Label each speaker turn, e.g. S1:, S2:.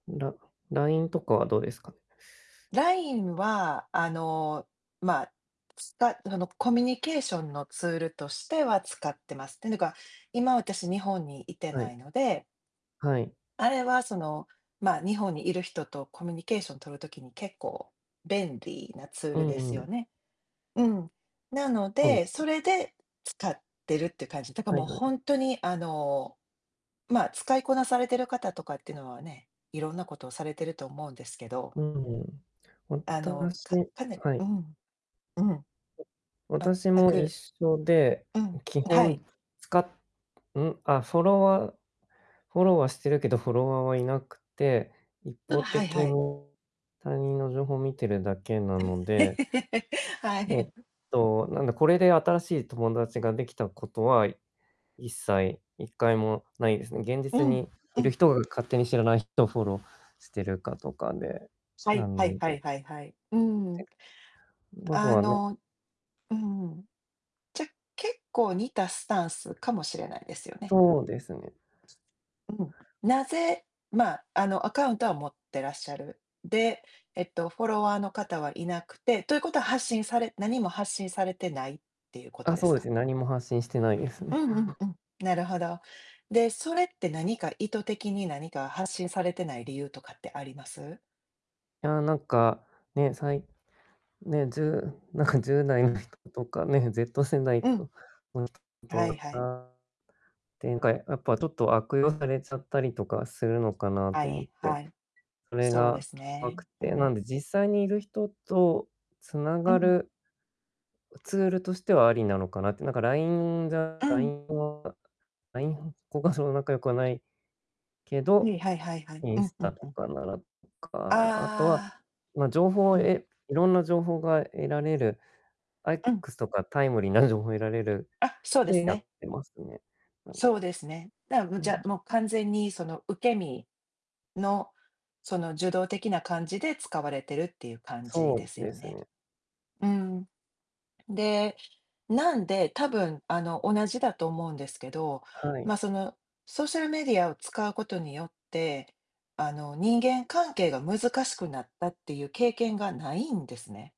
S1: ラ LINE とかはどうですか？
S2: LINE はあの、ま、つたそのコミュニケーションのツールとしては使ってます。てぬか今私日本にいて
S1: は
S2: な
S1: い。
S2: いので
S1: はい。
S2: あれはその、ま、日本にいる人とコミュニケーションとる時に、結構便利なツー
S1: う
S2: ルで
S1: んう
S2: すよ
S1: ん。
S2: ね。うん、なの
S1: そうで
S2: で
S1: すね。
S2: それで使ってるって感じ。だか、
S1: は
S2: もう、
S1: いは
S2: ほ
S1: い。
S2: んとにあの、ま、使いこなされている方とかっていうのはね、いろんなことをされてると思うんですけど
S1: うん。
S2: あの、
S1: 私
S2: かかね
S1: は
S2: う
S1: い。
S2: ん、うん。
S1: 私
S2: 全
S1: も
S2: く
S1: 一緒で、
S2: うん、う
S1: う基
S2: はい。
S1: 本、使っん？あ、フォロワーフォローはしてるけど、フォロワーはいなくて、一
S2: うん、
S1: 方
S2: はい
S1: 的
S2: は
S1: に
S2: い。
S1: 他人の情報を見てるだけなので
S2: は
S1: えっ
S2: い。
S1: となんだ、これで新しい友達ができたことは一切、一回もないですね。現実
S2: うん、
S1: に
S2: う
S1: いる
S2: ん。
S1: 人が勝手に知らない人をフォローしてるかとかで、
S2: さ
S1: な
S2: い、は
S1: ので
S2: い
S1: ん、ぜ
S2: はいはいはい、うん。
S1: んもと
S2: あ
S1: はな
S2: のうん。じゃ、結構似たスタンスかもしれないですよね。
S1: そうですね。
S2: うん。なぜ、ま、あの、アカウントは持ってらっしゃる、で、えっとフォロワーの方はいなくて、ということは発信され何も発信されてないっていうこと
S1: あ、
S2: で
S1: そう
S2: す
S1: です
S2: か？
S1: ね、何も発信してないです
S2: う
S1: ね。
S2: んうんうん。なるほど。で、それって何か意図的に何か発信されてない理由とかってあります？
S1: いやなんか、ね、さいね、ずなんか10代
S2: う
S1: の
S2: ん。
S1: 人とかね、Z 世代
S2: うん。
S1: と
S2: はいはい。
S1: 展開、やっぱちょっと悪用されちゃったりとかするのかな
S2: は
S1: と思っ
S2: い、
S1: て、
S2: はい。
S1: それ
S2: そうで
S1: が
S2: す
S1: 怖
S2: ね。
S1: くっ
S2: う
S1: て、な
S2: ん。
S1: んで実際にいる人と繋
S2: う
S1: が
S2: んうん。
S1: るツールとしてはありなのかなって、なんか LINE が
S2: うん。
S1: LINE は LINE 交換するほど仲良くはないけど、
S2: にはいはいはい。
S1: イ
S2: う
S1: ン
S2: ん
S1: ス
S2: う
S1: タ
S2: ん
S1: と
S2: うん。
S1: かならとか、あとは、
S2: あ
S1: ま、情報を
S2: あ。うん。
S1: 得いろんな情報が得られる、あ、
S2: うん。
S1: X とかタイムリーな情報を得られる
S2: あ、そうで
S1: で
S2: す
S1: や
S2: ね。
S1: ってますね。うん。
S2: そうですね。だむ
S1: う
S2: じゃ、
S1: ん。
S2: もう完全にその受け身の、その受動的な感じで使われてるっていう感じ
S1: そ
S2: です
S1: う
S2: よ
S1: です
S2: ね。
S1: ね。
S2: うん。で、なんで、たぶんあの、同じだと思うんですけど、
S1: はい。
S2: ま、そのソーシャルメディアを使うことによって、あの、人間関係が難しくなったっていう経験がないんですね。